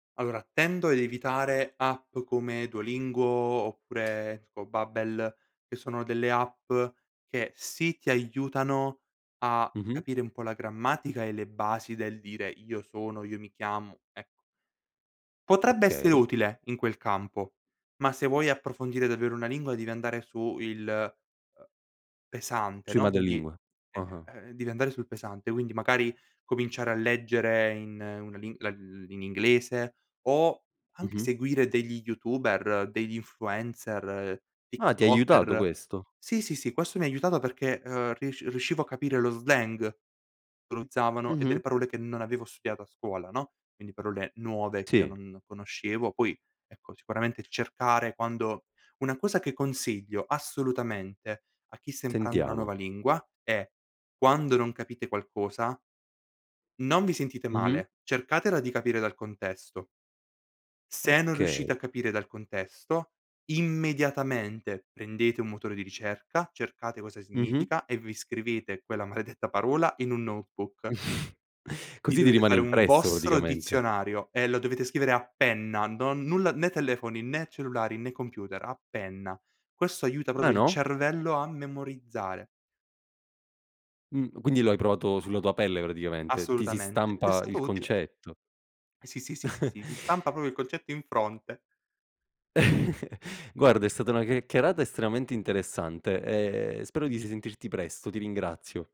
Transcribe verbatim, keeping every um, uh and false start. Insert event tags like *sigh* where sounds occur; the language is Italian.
Allora, tendo ad evitare app come Duolingo oppure tipo Babbel, che sono delle app che sì, ti aiutano a Mh-mh. capire un po' la grammatica e le basi del dire: "Io sono, io mi chiamo", ecco. Potrebbe essere Okay. utile in quel campo, ma se vuoi approfondire davvero una lingua devi andare su il, uhm, pesante, Sui no, quindi madrelingua. eh, Ah-ah. uhm, devi andare sul pesante. Quindi magari cominciare a leggere in una li uhm, in inglese o anche Mh-mh. seguire degli youtuber, degli influencer, Ah, ti ha aiutato tiktoker. questo? Sì, sì, sì, questo mi ha aiutato perché, uhm, risc riuscivo a capire lo slang che utilizzavano e delle Mh-mh. parole che non avevo studiato a scuola, no. Quindi parole nuove che io Sì. non conoscevo. Poi, ecco, sicuramente cercare quando una cosa che consiglio assolutamente a chi sta imparando una nuova Sentiamo. lingua è: quando non capite qualcosa non vi sentite Mh-mh. male, cercatela di capire dal contesto. Se non Okay. riuscite a capire dal contesto, immediatamente prendete un motore di ricerca, cercate cosa Mh-mh. significa e vi scrivete quella maledetta parola in un notebook. *chuckles* Vi Così ti dovete rimane fare un impresso vostro praticamente. dizionario e lo dovete scrivere a penna. Non nulla, né telefoni, né cellulari, né computer, a penna. Questo aiuta Ah, proprio il no? cervello a memorizzare. Mh. Quindi lo hai provato sulla tua pelle praticamente, ti si Assolutamente, t'è stampa il stato utile. concetto. Sì, sì, sì, sì, *chuckles* sì, ti stampa propo il concetto in fronte. *chuckles* Guarda è stata una chiacchierata estremamente interessante e spero di risentirti presto, ti ringrazio.